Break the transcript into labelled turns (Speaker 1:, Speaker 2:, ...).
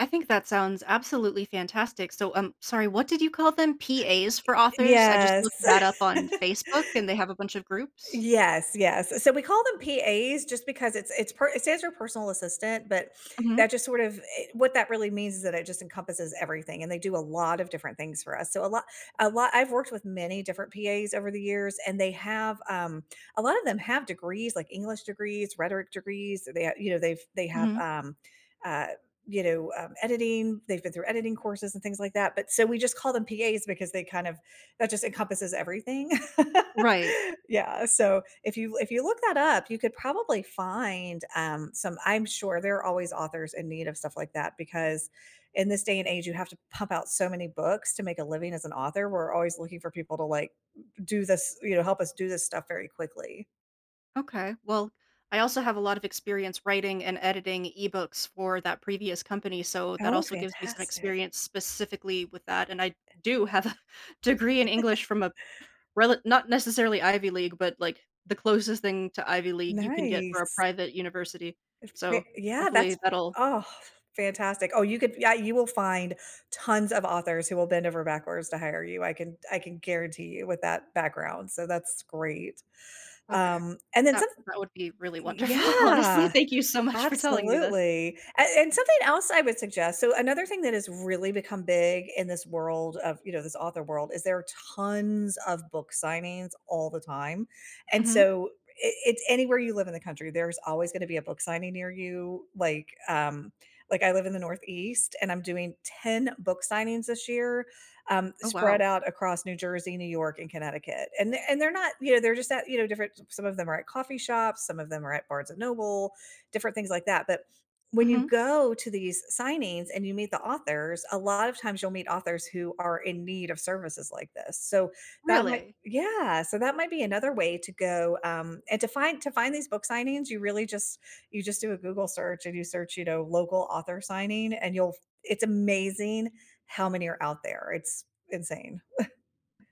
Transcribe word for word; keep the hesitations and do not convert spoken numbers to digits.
Speaker 1: I think that sounds absolutely fantastic, so Um, sorry, what did you call them?
Speaker 2: I
Speaker 1: PAs for authors? I just
Speaker 2: Yes.
Speaker 1: looked that up on Facebook, and they have a bunch of groups?
Speaker 2: Yes, yes. So we call them PAs, just because it's it's per It says your personal assistant, but
Speaker 1: Mhm.
Speaker 2: that just sort of i What that really means is that it just encompasses everything, and they do a lot of different things for us, so a lo a lo I've worked with many different PAs over the years, and they have, um A lot of them have degrees like English degrees, rhetoric degrees, and they, uh You know, they've they have,
Speaker 1: Mhm.
Speaker 2: um, uh, you know, um, editing, they've been through editing courses, and things like that, but So, we just call them PAs, because they kind of That just encompasses everything.
Speaker 1: Right.
Speaker 2: Yeah, so if you l if you look that up, you could probably find, um, some I'm sure, there are always authors in need of stuff like that, because in this day and age, you have to pump out so many books to make a living as an author. We're always looking for people to, like, d do this you know, help us do this stuff very quickly.
Speaker 1: Okay. Well, I also have a lot of experience writing and editing ebooks for that previous company, so that
Speaker 2: Oh,
Speaker 1: also gives me some
Speaker 2: fantastic.
Speaker 1: experience specifically with that, and I d
Speaker 2: Eh
Speaker 1: do have a degree in English from a p rela not necessarily Ivy League, but, like, the closest thing to Ivy League you can get for a
Speaker 2: Nice.
Speaker 1: private university.
Speaker 2: If
Speaker 1: So,
Speaker 2: they Yeah,
Speaker 1: hopefully
Speaker 2: that's
Speaker 1: that'll
Speaker 2: Oh, fantastic. Oh, you could Yeah, you will find tons of authors who will bend over backwards to hire you, I can I can guarantee you, with that background, so that's great,
Speaker 1: Okay.
Speaker 2: um, and then
Speaker 1: That
Speaker 2: somet
Speaker 1: that would be really
Speaker 2: Y Y
Speaker 1: wonderful. Honestly,
Speaker 2: Yeah,
Speaker 1: thank you so much for telling me this.
Speaker 2: absolutely. A And something else I would suggest, so another thing that has really become big in this world of, you know, this author world is there are tons of book signings all the time, and
Speaker 1: Mhm.
Speaker 2: so, i it's anywhere you live in the country, there's always gonna be a book signing near you, like, um Like, I live in the Northeast, and I'm doing ten book signings this year, um,
Speaker 1: Oh,
Speaker 2: spread
Speaker 1: wow.
Speaker 2: out across New Jersey, New York, and Connecticut, and they're they're not You know, they're just at, you know, different s Some of them are at coffee shops, some of them are at Barnes and Noble, different things like that, but when you
Speaker 1: Mhm.
Speaker 2: go to these signings and you meet the authors, a lot of times you'll meet authors who are in need of services like this, so that might
Speaker 1: Really?
Speaker 2: Yeah, so that might be another way to go, um and to find to find these book signings, you really just you just do a Google search, and you search, you know, "local author signing," and you'll f It's amazing how many are out there, it's insane.